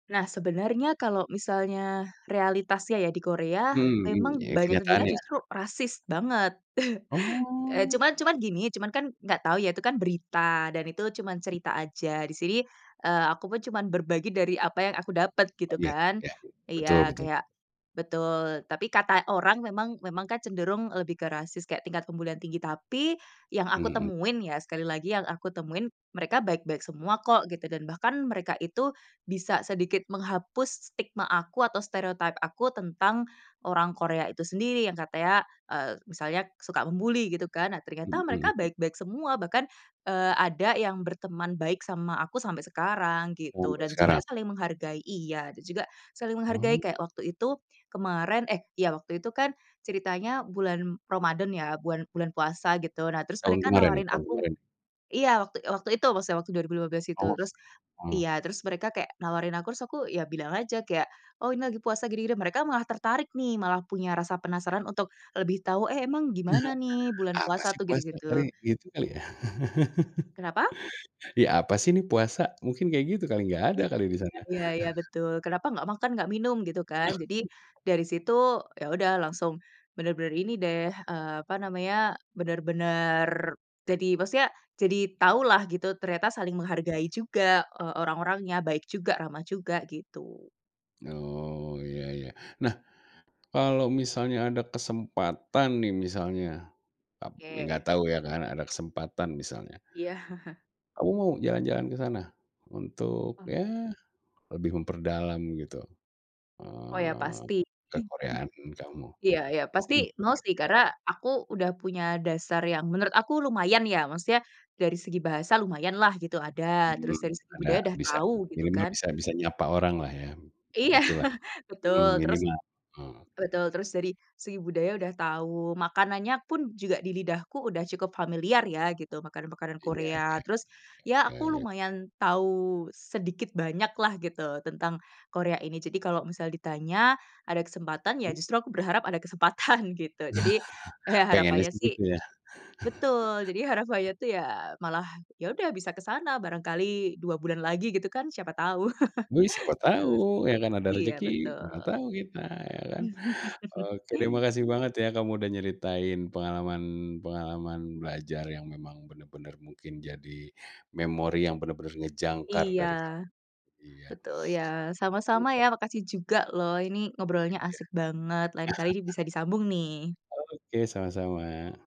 Nah sebenarnya kalau misalnya, realitasnya ya di Korea, Hmm, mmm, memang ya banyak terdengar kenyataan ya. justru rasis banget. E Oh. cuman cuman gini, cuman kan nggak tahu ya, itu kan berita, dan itu cuman cerita aja, di sini, eee, aku pun cuman berbagi dari apa yang aku dapet, Oh gitu ya kan. ya, betul Iya, betul. kayak betul, tapi kata orang memang memang kan cenderung lebih ke rasis, kayak tingkat pembulian tinggi. Tapi, yang aku Mhm. temuin ya, sekali lagi yang aku temuin, mereka baik-baik semua kok, gitu. Dan bahkan, mereka itu, bisa sedikit menghapus stigma aku atau stereotype aku tentang orang Korea itu sendiri, yang katanya, eee, misalnya suka membuli, gitu kan. Nah ternyata Mhm mereka m baik-baik semua. Bahkan, eee, ada yang berteman baik sama aku sampai sekarang, gitu. Sampe Dan juga sekarang. saling menghargai iya, dan juga, saling menghargai Wow. kayak waktu itu kemarin, eh iya waktu itu kan, ceritanya bulan Ramadan ya, bulan bulan puasa gitu, nah terus Tahun mereka kemarin ya, nawarin tahun aku kemarin? iya waktu waktu itu, maksudnya waktu 2015 itu Awas, terus mmm. iya, terus mereka kayak nawarin aku, terus aku ya bilang aja kayak, "oh ini lagi puasa gini gini" mereka malah tertarik nih, malah punya rasa penasaran untuk lebih tahu, "eh emang gimana nih bulan Apa puasa sih tuh?" gitu puasa, gitu. kali, gitu kali ya. Kenapa? Ya apa sih nih puasa, mungkin kayak gitu kali, nggak ada kali di sana. Iya iya betul. Kenapa nggak makan, nggak minum, gitu kan. Jadi, Ah. dari situ yaudah langsung benar-benar ini deh, eee, apa namanya, benar-benar, jadi maksudnya, jadi tahu lah gitu, ternyata saling menghargai juga, e orang orangnya, baik juga, ramah juga, gitu. Oh, iya iya. Nah, kalau misalnya ada kesempatan nih misalnya, tapi nggak Oke. tau ya kan, ada kesempatan misalnya. Iya. Kamu mau jalan jalan ke sana? Untuk Oh. ya, lebih memperdalam gitu. Oh ya Eee, pasti. [unintelligible] kekoreaan kamu. Iya iya Mau pasti ga mau sih, kira-kira? karena aku udah punya dasar yang menurut aku lumayan ya, maksudnya dari segi bahasa lumayan lah gitu, ada. Mmm, Terus dari segi ada, budaya udah bisa, tau, gitu minimal kan. bisa bisa nyapa orang lah ya. Iya, Gitu lah, betul mmm, terus minimal, ah. betul terus dari segi budaya udah tau, makanannya pun juga di lidahku udah cukup familiar ya gitu, makanan makanan Iya Korea iya. terus, ya Ya aku ya. lumayan tau sedikit banyak lah gitu, tentang Korea ini. Jadi kalo misal ditanya, ada kesempatan, ya Mmm? justru aku berharap ada kesempatan gitu, jadi, eh, Pengennya harapannya sih sih gitu ya? betul, jadi harapannya tuh ya malah, yaudah bisa ke sana barangkali 2 bulan lagi gitu kan, siapa tau Wih siapa gitu sih tahu, ya kan ada iya rejeki, mana betul. tahu kita, ya kan. Oke deh, makasih banget ya kamu udah nyeritain pengalaman pengalaman belajar yang memang benar-benar mungkin jadi, memori yang benar-benar ngejangkar Iya. dari kamu iya. Betul, ya, [unintelligible] sama-sama Iya. ya, makasih juga loh, ini ngobrolnya asik banget. Lain kali nih bisa disambung nih. Oke, sama-sama.